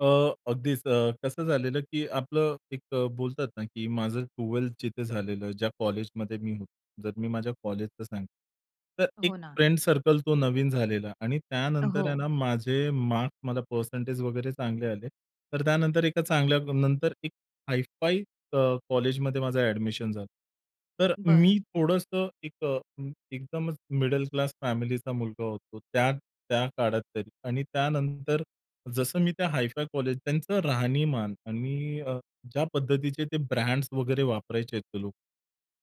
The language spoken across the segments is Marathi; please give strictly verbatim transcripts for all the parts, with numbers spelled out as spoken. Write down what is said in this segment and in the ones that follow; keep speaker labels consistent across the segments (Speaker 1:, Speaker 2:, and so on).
Speaker 1: अ, अगदीच अ, कसं झालेलं की आपलं एक अ, बोलतात ना की माझं ट्वेलथ जिथं झालेलं, ज्या कॉलेजमध्ये मी होतो. जर मी माझ्या कॉलेजच सांगतो, तर एक
Speaker 2: हो ना.
Speaker 1: फ्रेंड सर्कल तो नवीन झालेला आणि त्यानंतर आहे
Speaker 2: अहो.
Speaker 1: ना, माझे मार्क्स मला पर्सेंटेज वगैरे चांगले आले. तर त्यानंतर एका चांगल्यानंतर एक हाय फाय अ, कॉलेजमध्ये माझं अ‍ॅडमिशन झालं. तर
Speaker 2: बरं.
Speaker 1: मी थोडंसं एक अ, एकदमच मिडल क्लास फॅमिलीचा मुलगा होतो. त्या त्या काळात तरी आणि त्यानंतर जसं मी त्या हाय फाय कॉलेज त्यांचं राहणीमान आणि अ, ज्या पद्धतीचे ते ब्रँड्स वगैरे वापरायचे ते लोक,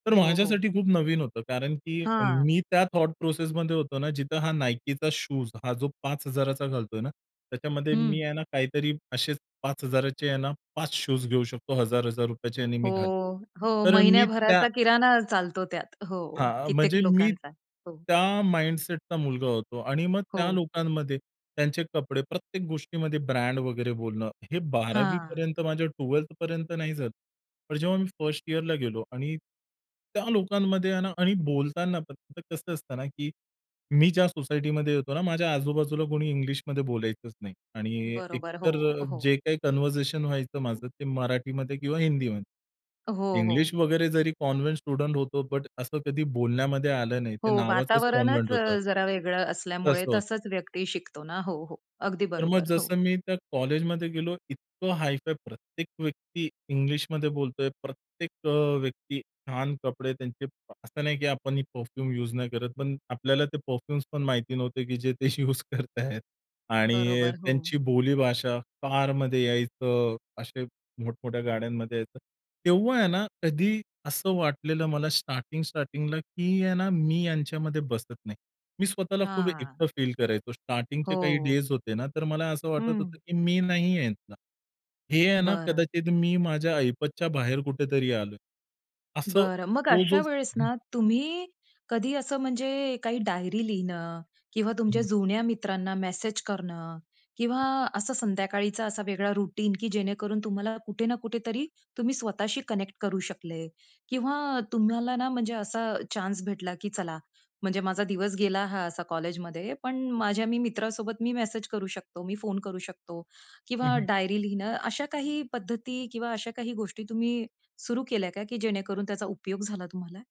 Speaker 1: तर
Speaker 2: हो, हो.
Speaker 1: माझ्यासाठी खूप नवीन होतं कारण की
Speaker 2: हां.
Speaker 1: मी त्या थॉट प्रोसेसमध्ये होतो ना जिथं हा Nikeचा शूज हा जो पाच हजार घालतोय ना त्याच्यामध्ये मी
Speaker 2: हं.
Speaker 1: आहे ना काहीतरी असेच पाच हजार आहे ना पाच शूज घेऊ शकतो हजार, हजार रुपयाचे याने
Speaker 2: हो.
Speaker 1: मी घालेल.
Speaker 2: हो,
Speaker 1: तर अ, मी त्या
Speaker 2: महिन्याभराचा किराणा चालतो त्यात. हो,
Speaker 1: हां,
Speaker 2: कित्येक
Speaker 1: म्हणजे मी
Speaker 2: लोकांचा. हो.
Speaker 1: त्या माइंडसेटचा मुलगा होतो आणि मग त्या
Speaker 2: हो.
Speaker 1: लोकांमध्ये त्यांचे कपडे प्रत्येक गोष्टीमध्ये ब्रँड वगैरे बोलणं, हे बारावी
Speaker 2: हां.
Speaker 1: पर्यंत, माझ्या ट्वेलथ पर्यंत नाही झालं. पण जेव्हा मी फर्स्ट इअरला गेलो आणि त्या लोकांमध्ये आहे ना आणि बोलताना कसं असतं ना की मी ज्या सोसायटीमध्ये येतो ना माझ्या आजूबाजूला कुणी इंग्लिशमध्ये बोलायचंच नाही. आणि
Speaker 2: बरोबर. हो,
Speaker 1: एकतर
Speaker 2: हो.
Speaker 1: जे काही कन्व्हर्सेशन व्हायचं माझं ते मराठीमध्ये किंवा हिंदीमध्ये.
Speaker 2: हो,
Speaker 1: इंग्लिश
Speaker 2: हो.
Speaker 1: वगैरे जरी कॉन्व्हेंट स्टुडंट होतो बट असं कधी बोलण्यामध्ये आलं नाही.
Speaker 2: हो,
Speaker 1: ते नावाचंच कॉन्व्हेंट
Speaker 2: वातावरणच अ,
Speaker 1: होतं.
Speaker 2: जरा वेगळं असल्यामुळे
Speaker 1: तसं होतं.
Speaker 2: तसंच व्यक्ती शिकतो ना? हो, हो. अगदी
Speaker 1: तर मग
Speaker 2: बरोबर. हो.
Speaker 1: जसं मी त्या कॉलेजमध्ये गेलो, इतकं हाय फाय, प्रत्येक व्यक्ती इंग्लिशमध्ये बोलतोय, प्रत्येक अ, व्यक्ती अ, छान कपडे त्यांचे असं नाही की आपण ही परफ्यूम युज नाही करत, पण आपल्याला ते परफ्यूम्स पण माहिती नव्हते की जे ते युज करतायेत. आणि
Speaker 2: बरोबर, हो.
Speaker 1: त्यांची बोली भाषा, कारमध्ये यायचं. असे मोठमोठ्या गाड्यांमध्ये यायचं. तेव्हा आहे ना कधी असं वाटलेलं मला स्टार्टिंग स्टार्टिंगला की आहे ना मी यांच्यामध्ये बसत नाही. मी स्वतःला खूप
Speaker 2: हां.
Speaker 1: एकटं फील करायचो. स्टार्टिंगचे काही
Speaker 2: हो.
Speaker 1: डेज होते ना तर मला असं वाटत
Speaker 2: हं.
Speaker 1: होतं की मी नाहीये ह्यातला. हे आहे ना
Speaker 2: बरं.
Speaker 1: कदाचित मी माझ्या ऐपतच्या बाहेर कुठेतरी आलोय. असं
Speaker 2: बरं, मग
Speaker 1: तो जो
Speaker 2: अशा वेळेस
Speaker 1: हं.
Speaker 2: ना, तुम्ही कधी असं म्हणजे काही डायरी लिहणं किंवा तुमच्या
Speaker 1: हं.
Speaker 2: जुन्या मित्रांना मेसेज करणं किंवा असं संध्याकाळीचा असा वेगळा रुटीन की जेणेकरून तुम्हाला कुठे ना कुठेतरी तुम्ही स्वतःशी कनेक्ट करू शकले किंवा तुम्हाला ना म्हणजे असा चान्स भेटला की चला, म्हणजे माझा दिवस गेला हा असा कॉलेजमध्ये पण माझ्या मी मित्रासोबत मी मेसेज करू शकतो, मी फोन करू शकतो
Speaker 1: हं,
Speaker 2: किंवा
Speaker 1: हं.
Speaker 2: डायरी लिहणं. अशा काही पद्धती किंवा अशा काही गोष्टी तुम्ही सुरू केल्या का की जेणेकरून त्याचा उपयोग झाला तुम्हाला?